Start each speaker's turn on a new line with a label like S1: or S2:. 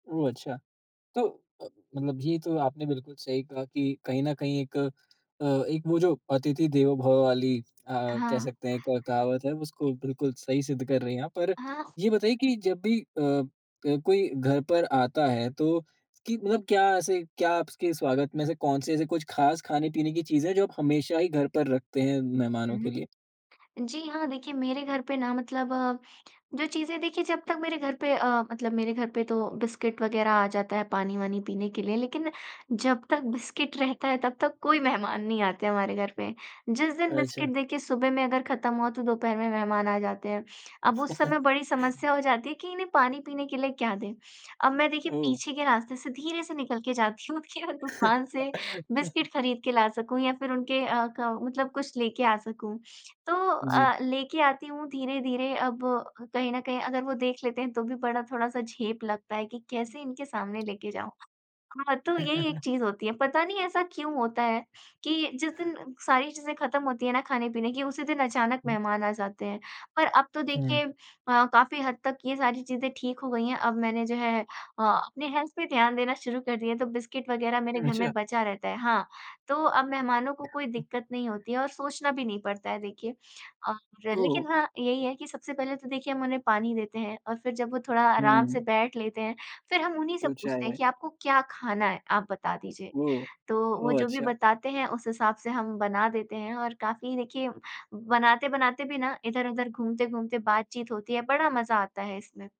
S1: ओह! अच्छा। तो अ, मतलब जी ये तो आपने बिल्कुल सही कहा कि कहीं न कहीं एक अ, एक वो जो अतिथि देवो भव: वाली अ, कह
S2: हाँ।
S1: सकते हैं एक कहावत है उसको बिल्कुल सही सिद्ध कर रही हैं आप। पर
S2: हाँ।
S1: ये बताइए कि जब भी अ अ, कोई घर पर आता है तो कि मतलब क्या ऐसे क्या आपके स्वागत में से कौन-से ऐसे कुछ ख़ास ख़ाने-पीने की चीज़ें हैं जो आप हमेशा ही घर पर रखते हैं मेहमानों के
S2: हुँ।
S1: लिए?
S2: जी हाँ, देखिए मेरे घर पे ना मतलब जो चीज़ें देखिए जब तक मेरे घर पे अ, मतलब मेरे घर पे तो बिस्किट वग़ैरह आ जाता है पानी-वानी पीने के लिए लेक़िन जब तक बिस्किट रहता है तब तक कोई मेहमान नहीं आते हमारे घर पे, जिस दिन
S1: अच्छा।
S2: बिस्किट देखिए सुबह में अगर ख़त्म हुआ तो दोपहर में मेहमान आ जाते हैं। अब उस समय बड़ी समस्या हो जाती है कि इन्हें पानी पीने के लिए क्या दें अब मैं देखिए
S1: ओह!
S2: पीछे के रास्ते से धीरे से निकल के जाती हूँ कि वो दुकान से बिस्किट ख़रीद के ला सकूँ या फ़िर उनके अ, क मतलब कुछ लेके आ सकूँ। तो
S1: जी।
S2: अ, लेके आती हूँ धीरे-धीरे। अब कहीं न कहीं अगर वो देख लेते हैं तो भी बड़ा थोड़ा-सा झेप लगता है कि कैसे इनके सामने लेके जाऊँ। हाँ, तो यही एक चीज़ होती है। पता नहीं ऐसा क्यों होता है कि जिस दिन सारी चीज़ें ख़त्म होती है ना ख़ाने-पीने की उसी दिन अचानक
S1: हुँ।
S2: मेहमान आ जाते हैं। पर अब तो
S1: हुँ।
S2: देखिए अ, काफ़ी हद तक ये सारी चीज़ें ठीक हो गई हैं अब मैंने जो है अ, अपने हेल्थ पे ध्यान देना शुरू कर दिया है। तो बिस्किट वग़ैरह मेरे घर में
S1: अच्छा।
S2: बचा रहता है हाँ तो अब मेहमानों को कोई दिक़्क़त नहीं होती है और सोचना भी नहीं पड़ता है देखिए। और
S1: ओह हो!
S2: लेक़िन हाँ, यही है कि सबसे पहले तो देखिए हम उन्हें पानी देते हैं और फ़िर जब वो थोड़ा आराम से
S1: हुँ।
S2: बैठ लेते हैं फ़िर हम उन्हीं से
S1: तो
S2: पूछते हैं
S1: चाय-वाय।
S2: कि आपको क्या ख़ाना है आप बता दीजिए
S1: ओह!
S2: तो वो
S1: ओह,
S2: जो भी
S1: अच्छा।
S2: बताते हैं उस हिसाब से हम बना देते हैं। और काफ़ी देखिए, बनाते-बनाते भी ना इधर-उधर घूमते-घूमते बात-चीत होती है बड़ा मज़ा आता है इसमें।